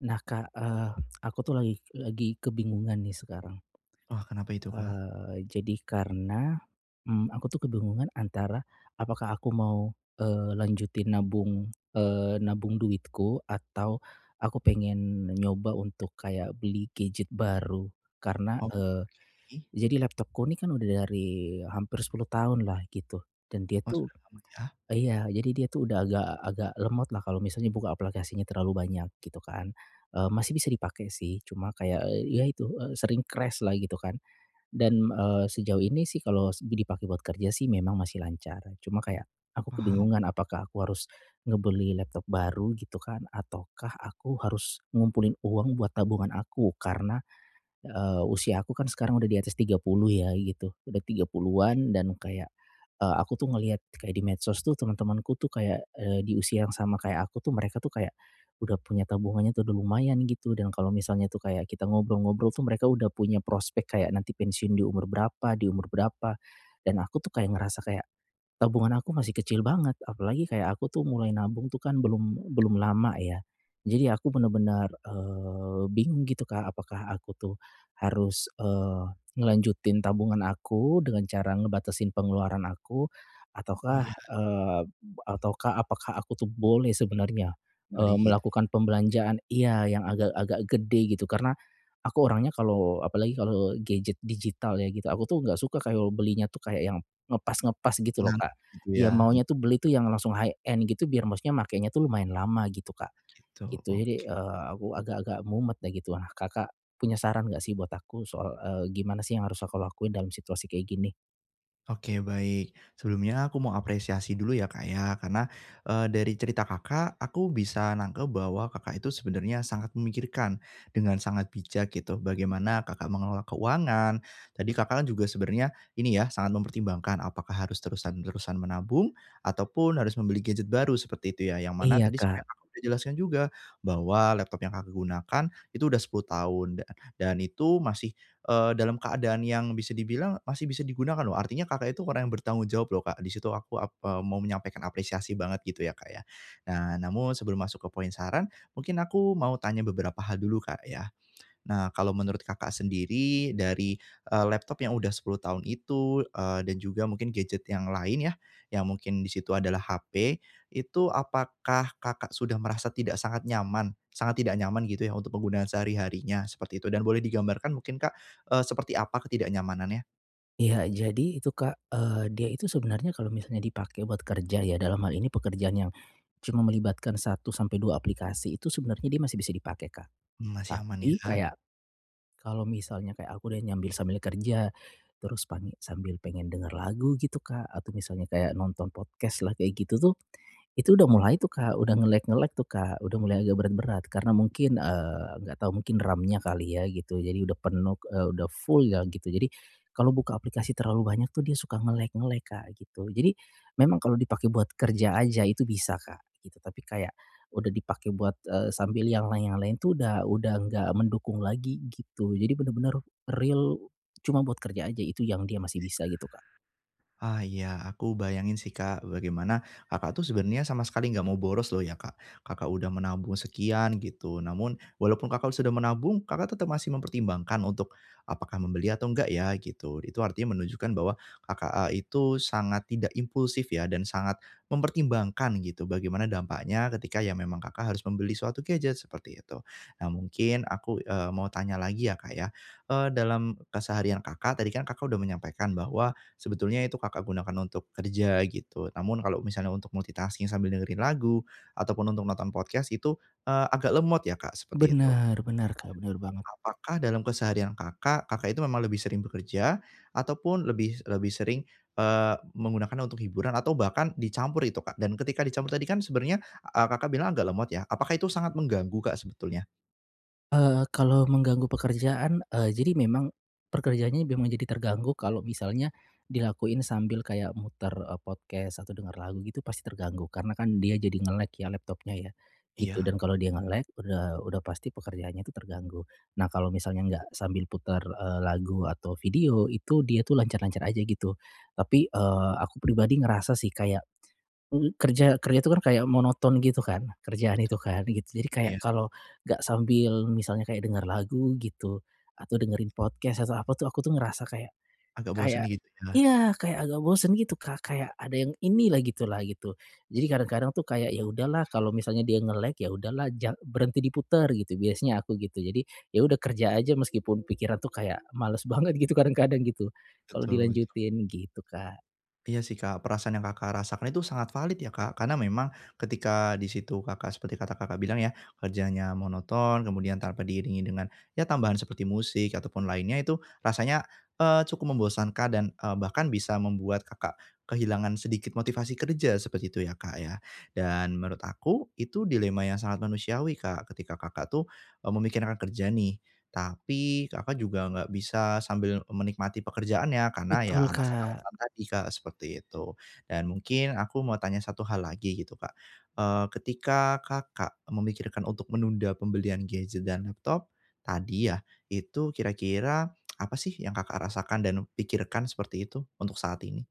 Nah Kak, eee, aku tuh lagi lagi kebingungan nih sekarang. Oh, kenapa itu, Kak? Eee, jadi karena, mmm, aku tuh kebingungan antara apakah aku mau, eee, lanjutin nabung, eee, nabung duitku atau aku pengen nyoba untuk kayak beli gadget baru, karena eee, Oke. jadi laptopku ini kan udah dari hampir 10 tahunlah gitu, dan dia Oh tuh sudah lama ya? iya, jadi dia tuh udah agak agak lemotlah kalau misalnya buka aplikasinya terlalu banyak, gitu kan. Eee, masih bisa dipakai sih, cuma kayak, eee, ya itu, eee, sering crash-lah gitu kan. Dan, eee, sejauh ini sih kalau s dipakai buat kerja sih memang masih lancar, cuma kayak aku Paham. kebingungan apakah aku harus ngebeli laptop baru gitu kan, ataukah aku harus ngumpulin uang buat tabungan aku. Karena, eee, usia aku kan sekarang udah di atas 30 ya gitu, udah 30-an dan kayak, eee, aku tuh ngelihat kayak di medsos tuh temen-temanku tuh kayak, eee, di usia yang sama kayak aku tuh mereka tuh kayak udah punya tabungannya tuh udah lumayan gitu. Dan kalau misalnya tuh kayak kita ngobrol-ngobrol tuh mereka udah punya prospek kayak nanti pensiun di umur berapa di umur berapa. Dan aku tuh kayak ngerasa kayak tabungan aku masih kecil banget, apalagi kayak aku tuh mulai nabung tuh kan belum belum lama ya. Jadi aku bener-bener, eee, bingung gitu Kak, apakah aku tuh harus, eee, ngelanjutin tabungan aku dengan cara ngebatasin pengeluaran aku ataukah, Iya. eee, ataukah apakah aku tuh boleh sebenarnya, Beli eee, gitu. melakukan pembelanjaan iya, yang agak-agak gede gitu, karena aku orangnya kalau apalagi kalau gadget digital ya gitu, aku tuh enggak suka kalau belinya tuh kayak yang ngepas-ngepas gitu loh, Kak. Nanggung gitu Ya ya. M maunya tuh beli tuh yang langsung high-end gitu biar maksudnya makenya tuh lumayan lama gitu, Kak, Oh gitu, gitu. Jadi, oke. eee, aku agak-agak mumet ya gitulah. Kakak punya saran enggak sih buat aku soal, eee, gimana sih yang harus aku lakuin dalam situasi kayak gini? Oke, baik. Sebelumnya aku mau apresiasi dulu ya, Kak, ya, karena, eee, dari cerita Kakak, aku bisa nangkep bahwa Kakak itu sebenarnya sangat memikirkan dengan sangat bijak gitu, bagaimana Kakak mengelola keuangan. Tadi Kakak kan juga sebenernya ini ya, sangat mempertimbangkan apakah harus terusan terusan menabung, ataupun harus membeli gadget baru seperti itu ya, yang mana Iya, tadi Kak. sebenernya sudah Kakak jelaskan juga bahwa laptop yang Kakak gunakan itu udah 10 tahun. Da dan itu masih, eee, dalam keadaan yang bisa dibilang masih bisa digunakan loh, artinya Kakak itu orang yang bertanggung jawab loh Kak. Di situ aku ak eee, mau menyampaikan apresiasi banget gitu ya, Kak, ya. Nah. Namun sebelum masuk ke poin saran, mungkin aku mau tanya beberapa hal dulu Kak ya. Nah, kalau menurut Kakak sendiri dari, eee, laptop yang udah 10 tahun itu, eee, dan juga mungkin gadget yang lain ya, yang mungkin di situ adalah HP, itu apakah Kakak sudah merasa tidak sangat nyaman sangat tidak nyaman gitu ya untuk penggunaan sehari-harinya seperti itu, dan boleh digambarkan mungkin Kak, eee, seperti apa ketidaknyamanannya? Iya. Jadi itu Kak, eee, dia itu sebenarnya kalau misalnya dipakai buat kerja ya, dalam hal ini pekerjaan yang cuma melibatkan 1 sampai 2 aplikasi, itu sebenarnya dia masih bisa dipakai, Kak. Mmm, masih aman Tapi ya? kayak, kalau misalnya kayak aku udah nyambi sambil kerja, terus pani sambil pengen denger lagu gitu Kak, atau misalnya kayak nonton podcast lah kayak gitu tuh, itu udah mulai tuh Kak, udah nge-lag-nge-lag tuh Kak. Udah mulai agak berat-berat karena mungkin, eee, nggak tahu mungkin RAM-nya kali ya gitu, jadi udah penuh, eee, udah full ya gitu. Jadi kalau buka aplikasi terlalu banyak tuh dia suka nge-lag-nge-lag Kak gitu. Jadi memang kalau dipakai buat kerja aja itu bisa Kak, gitu. Tapi kayak udah dipakai buat, eee, sambil yang lain yang lain itu udah udah enggak mendukung lagi gitu. Jadi bener-bener real cuma buat kerja aja. Itu yang dia Iya. masih bisa gitu, Kak. Ah ya. Aku bayangin sih Kak, bagaimana Kakak tuh sebenarnya sama sekali enggak mau boros loh ya, Kak. Kakak udah menabung sekian gitu. Namun walaupun Kakak sudah menabung, Kakak tetep masih mempertimbangkan untuk apakah membeli atau enggak ya gitu. Itu artinya menunjukkan bahwa Kakak, eee, itu sangat tidak impulsif ya, dan sangat mempertimbangkan gitu, bagaimana dampaknya ketika ya memang Kakak harus membeli suatu gadget seperti itu. Nah, mungkin aku, eee, mau tanya lagi ya Kak ya, eee, dalam keseharian Kakak, tadi kan Kakak udah menyampaikan bahwa sebetulnya itu Kakak gunakan untuk kerja gitu. Namun kalau misalnya untuk multitasking sambil dengerin lagu ataupun untuk nonton podcast itu, eee, agak lemot ya, Kak, seperti itu. Bener, bener Kak, bener A a banget. apakah dalam keseharian Kakak, Kakak itu memang lebih sering bekerja ataupun lebih lebih sering, eee, menggunakannya untuk hiburan atau bahkan dicampur itu Kak? Dan ketika dicampur tadi kan sebenernya, eee, Kakak bilang agak lemot ya? Apakah itu sangat mengganggu Kak sebetulnya? Eee, Kalau mengganggu pekerjaan, eee, jadi memang pekerjaannya memang jadi terganggu, kalau misalnya dilakuin sambil kayak muter, eee, podcast atau dengar lagu gitu pasti terganggu. Karena kan dia jadi nge-lag ya laptopnya ya, gitu. Iya. Dan kalau dia nge-lag, udah udah pasti pekerjaannya itu terganggu. Nah, Kalau misalnya enggak sambil putar, eee, lagu atau video, itu dia itu lancar-lancar aja, gitu. Tapi, eee, aku pribadi ngerasa sih kayak, m m kerja kerja itu kan kayak monoton gitu kan, kerjaan Betul itu kan, gitu. Jadi kayak, iya. kalau enggak sambil misalnya kayak denger lagu gitu atau dengerin podcast atau apa tuh, aku tuh ngerasa kayak Agak bosen kayak gitu ya? iya, kayak agak bosen gitu Kak, kayak ada yang ini lah, gitu lah, gitu. Jadi, kadang-kadang tuh kayak, ya udahlah kalau [unintelligible] misalnya dia nge-lag, ya udahlah jang berhenti diputer, gitu. Biasanya aku gitu. Jadi, ya udah kerja aja meskipun pikiran itu kayak, males banget gitu, kadang-kadang gitu, kalau Betul betul. dilanjutin gitu, Kak. Iya sih Kak, perasaan yang Kakak, rasakan itu sangat valid ya Kak. Karena memang ketika di situ Kakak, seperti kata Kakak, bilang ya kerjanya monoton, kemudian tanpa diiringi dengan, ya tambahan seperti musik ataupun lainnya, itu rasanya, eee, cukup membosankan dan, eee, bahkan bisa membuat Kakak, kehilangan sedikit motivasi kerja, seperti itu ya Kak, ya. Dan menurut aku, itu dilema yang sangat manusiawi Kak. ketika Kakak, tuh, eee, memikirkan kerja nih, tapi Kakak, juga enggak bisa, sambil menikmati pekerjaannya, karena ya Betul alasan-alasan Kak. tadi Kak, seperti itu. Dan mungkin aku mau tanya satu hal lagi gitu Kak, eee, ketika Kakak, memikirkan untuk menunda pembelian gadget dan laptop, tadi ya, itu kira-kira apa sih yang Kakak, rasakan dan pikirkan seperti itu untuk saat ini?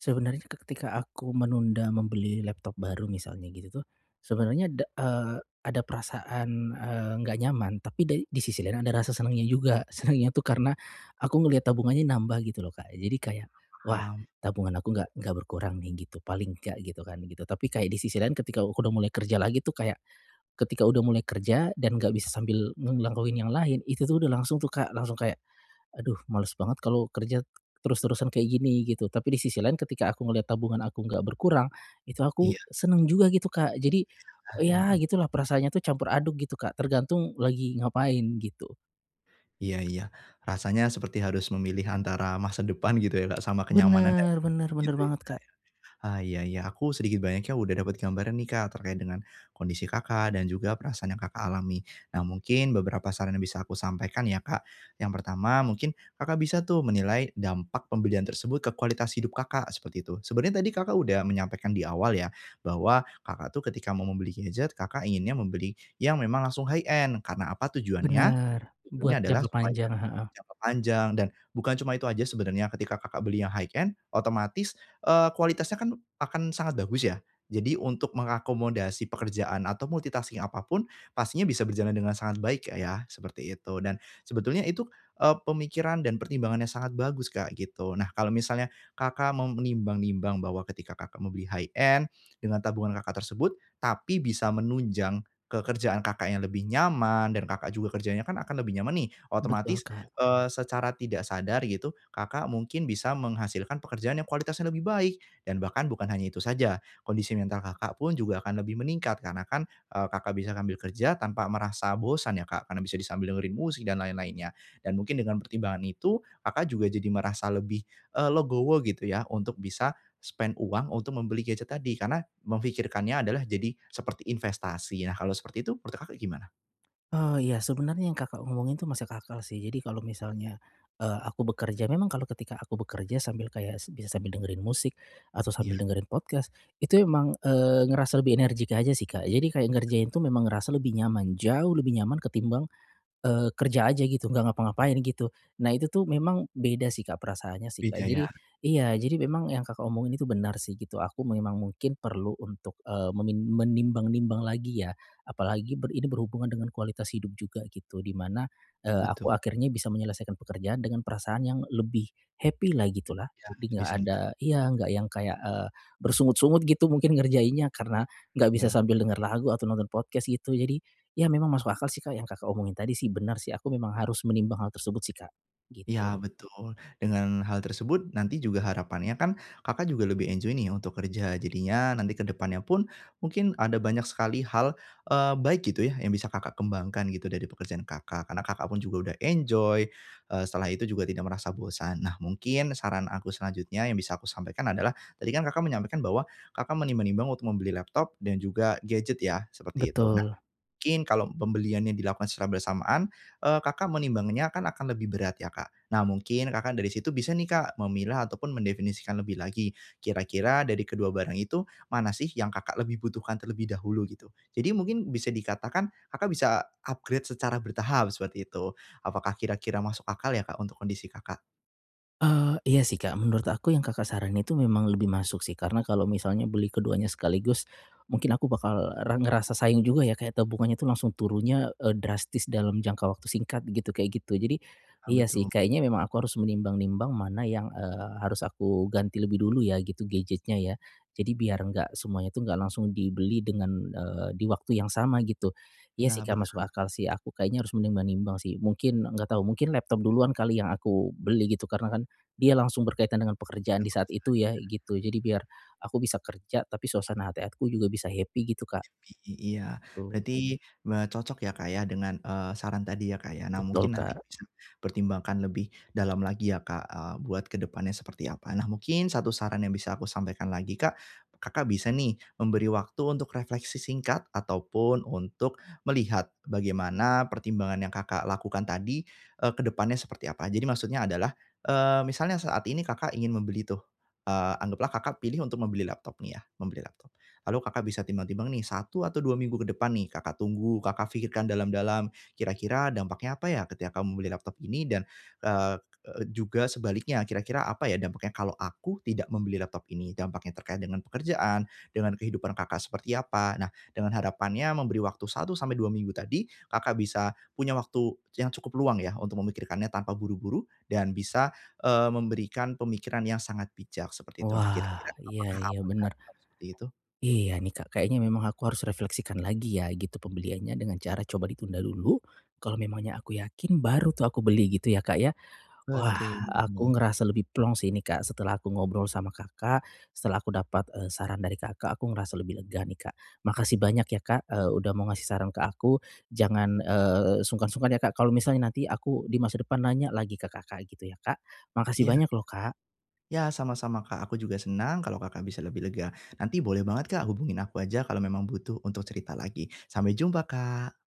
Sebenernya ke ketika aku menunda membeli laptop baru misalnya gitu tuh, sebenernya da eee, ada perasaan, eee, nggak nyaman. Tapi da di sisi lain ada rasa senengnya juga. Senengnya tuh karena aku ngeliat tabungannya nambah gitu loh Kak, jadi kayak, Iya, "Wah paham. tabungan aku enggak enggak berkurang nih," gitu. Paling nggak gitu, kan gitu. Tapi kayak di sisi lain ketika aku udah mulai kerja lagi tuh kayak ketika udah mulai kerja dan enggak bisa sambil nge ngelakuin yang lain, itu tuh udah langsung tuh Kak, langsung kayak, "Aduh, males banget kalau kerja terus-terusan kayak gini," gitu. Tapi di sisi lain ketika aku ngeliat tabungan aku enggak berkurang, itu aku Iya. senang juga gitu, Kak. Jadi, Iya, ya mhm. gitulah perasaannya itu campur aduk gitu Kak, tergantung lagi ngapain gitu. Iya iya. Rasanya seperti harus memilih antara masa depan gitu ya Kak, sama kenyamanannya, Bener bener bener gitu ya, banget, Kak, Kak. ya? Ah, iya iya. Aku sedikit banyaknya udah dapet gambaran nih Kak, terkait dengan kondisi Kakak, dan juga perasaan yang Kakak alami. Nah, mungkin beberapa saran yang bisa aku sampaikan ya Kak, yang pertama mungkin Kakak bisa tuh menilai dampak pembelian tersebut ke kualitas hidup Kakak, seperti itu. Sebenernya tadi Kakak udah menyampaikan di awal ya, bahwa Kakak tuh ketika mau membeli gadget, Kakak inginnya membeli yang memang langsung high-end karena apa tujuannya? Bener. Buat Tujuannya adalah jangka supaya panjang, heeh. jangka panjang, dan bukan cuma itu aja sebenarnya, ketika Kakak beli yang high-end otomatis, eee, kualitasnya kan akan sangat bagus ya. Jadi untuk mengakomodasi pekerjaan atau multitasking apapun, pastinya bisa berjalan dengan sangat baik Kak ya, seperti itu. Dan sebetulnya itu, eee, pemikiran dan pertimbangan yang sangat bagus Kak, gitu. Nah, kalau misalnya Kakak mau menimbang-nimbang bahwa ketika Kakak mau beli high-end, dengan tabungan Kakak tersebut, tapi bisa menunjang ke kerjaan Kakak yang lebih nyaman, dan Kakak juga kerjanya kan akan lebih nyaman nih, Betul, otomatis, Kak. eee, secara tidak sadar gitu, Kakak mungkin bisa menghasilkan pekerjaan yang kualitasnya lebih baik. Dan bahkan bukan hanya itu saja, kondisi mental Kakak pun juga akan lebih meningkat karena kan, eee, Kakak bisa ngambil kerja tanpa merasa bosan ya Kak, karena bisa disambi dengerin musik dan lain-lainnya. Dan mungkin dengan pertimbangan itu, Kakak juga jadi merasa lebih, eee, legowo, gitu ya. Untuk bisa spend uang untuk membeli gadget tadi, karena memfikirkannya adalah jadi seperti investasi ya, kalau seperti itu menurut Kakak, gimana? Oh, iya, sebenernya yang Kakak ngomongin itu masuk akal sih, jadi kalau misalnya, eee, aku bekerja, memang kalau ketika aku bekerja sambil kayak s bisa sambil dengerin musik atau Iya. sambil dengerin podcast, itu emang, eee, ngerasa lebih energik aja sih, Kak. Jadi kayak ngerjain tuh memang ngerasa lebih nyaman, jauh lebih nyaman ketimbang, eee, kerja aja gitu, enggak ngapa-ngapain gitu, nah itu tuh memang beda sih Kak, perasaannya sih, Kak. Beda, ya? Jadi iya, jadi memang yang Kakak omongin itu benar sih gitu, aku memang mungkin perlu untuk, eee, memin menimbang-nimbang lagi ya. Apalagi ber ini berhubungan dengan kualitas hidup juga gitu, di mana, eee, Betul. aku akhirnya bisa menyelesaikan pekerjaan dengan perasaan yang lebih happy lah, gitu lah. Ya, Lebih lebih enggak ada senang. iya enggak yang kayak, eee, bersungut-sungut gitu mungkin ngerjainnya, karena enggak bisa Iya. sambil dengar lagu atau nonton podcast, gitu. Jadi, ya memang masuk akal sih Kak, yang Kakak omongin tadi sih benar sih. Aku memang harus menimbang hal tersebut sih Kak, gitu. Ya betul. Dengan hal tersebut nanti juga harapannya kan Kakak juga lebih enjoy nih untuk kerja, jadinya nanti ke depannya pun mungkin ada banyak sekali hal, eee, baik gitu ya, yang bisa Kakak kembangkan gitu dari pekerjaan Kakak, Karena Kakak pun juga udah enjoy, eee, setelah itu juga tidak merasa bosan. Nah, mungkin saran aku selanjutnya yang bisa aku sampaikan adalah, tadi kan Kakak menyampaikan bahwa kakak menimbang-nimbang untuk membeli laptop dan juga gadget ya, seperti itu. Nah. Betul. Mungkin kalau pembeliannya dilakukan secara bersamaan, eee, Kakak menimbangnya kan akan lebih berat ya Kak. Nah mungkin Kakak dari situ bisa nih Kak, memilah ataupun mendefinisikan lebih lagi. Kira-kira dari kedua barang itu, mana sih yang Kakak lebih butuhkan terlebih dahulu, gitu? Jadi mungkin bisa dikatakan Kakak bisa upgrade secara bertahap, seperti itu. Apakah kira-kira masuk akal ya, Kak untuk kondisi Kakak? Eee, iya sih, Kak. Menurut aku yang Kakak saranin itu memang lebih masuk sih. Karena kalau misalnya beli keduanya sekaligus, mungkin aku bakal re ngerasa sayang juga ya kayak tabungannya tuh langsung turunnya, eee, drastis dalam jangka waktu singkat gitu kayak gitu. Jadi, Ah iya sih betul. kayaknya memang aku harus menimbang-nimbang mana yang, eee, harus aku ganti lebih dulu ya gitu, gadgetnya ya. Jadi biar enggak semuanya itu enggak langsung dibeli dengan, eee, di waktu yang sama gitu. Iya sih, Ya, Kak, masuk benar. akal sih. Aku kayaknya harus menimbang-nimbang sih. Mungkin, enggak tahu, mungkin laptop duluan kali yang aku beli gitu karena kan dia langsung berkaitan dengan pekerjaan di Dengan saat pekerjaan itu ya ya. gitu. Jadi biar aku bisa kerja, tapi suasana hati aku juga bisa happy gitu, Kak, Happy. I iya. gitu. Berarti me cocok ya, Kak, ya dengan, eee, saran tadi ya Kak ya. Nah Betul mungkin nanti Kak. bisa pertimbangkan lebih dalam lagi ya, Kak, eee, buat ke depannya seperti apa. Nah, mungkin satu saran yang bisa aku sampaikan lagi, Kak, Kakak bisa nih memberi waktu untuk refleksi singkat ataupun untuk melihat bagaimana pertimbangan yang Kakak lakukan tadi, eee, ke depannya seperti apa. Jadi maksudnya adalah, eee, misalnya saat ini Kakak ingin membeli tuh, eee, anggaplah Kakak pilih untuk membeli laptop nih ya, membeli laptop, lalu Kakak bisa timbang-timbang nih 1 atau 2 minggu ke depan nih Kakak tunggu, Kakak pikirkan dalam-dalam, kira-kira dampaknya apa ya ketika kamu membeli laptop ini dan, eee eee, juga sebaliknya, "Kira-kira apa ya dampaknya kalau aku tidak membeli laptop ini?" Dampaknya terkait dengan pekerjaan, dengan kehidupan Kakak seperti apa. Nah, dengan harapannya memberi waktu 1-2 minggu tadi, Kakak bisa punya waktu yang cukup luang ya untuk memikirkannya tanpa buru-buru dan bisa, eee, memberikan pemikiran yang sangat bijak, seperti itu. Nah, kira-kira Wah. Iya apakah iya aman Kak bener. kalau seperti itu? Iya nih, Kak, Kayaknya memang aku harus refleksikan lagi ya gitu pembeliannya dengan cara coba ditunda dulu. Kalau memangnya aku yakin baru tuh aku beli gitu ya, Kak, ya. Wah, Betul, iya. aku ngerasa lebih plong sih ini, Kak, setelah aku ngobrol sama Kakak, setelah aku dapat, eee, saran dari Kakak, aku ngerasa lebih lega nih, Kak. Makasih banyak ya Kak, eee, udah mau ngasih saran ke aku. Jangan, eee, sungkan-sungkan ya Kak kalau misalnya nanti aku di masa depan nanya lagi ke Kakak, gitu ya Kak. Makasih Iya. banyak loh Kak. Ya sama-sama Kak, aku juga senang kalau Kakak bisa lebih lega. Nanti boleh banget Kak, hubungin aku aja kalau memang butuh untuk cerita lagi. Sampai jumpa, Kak.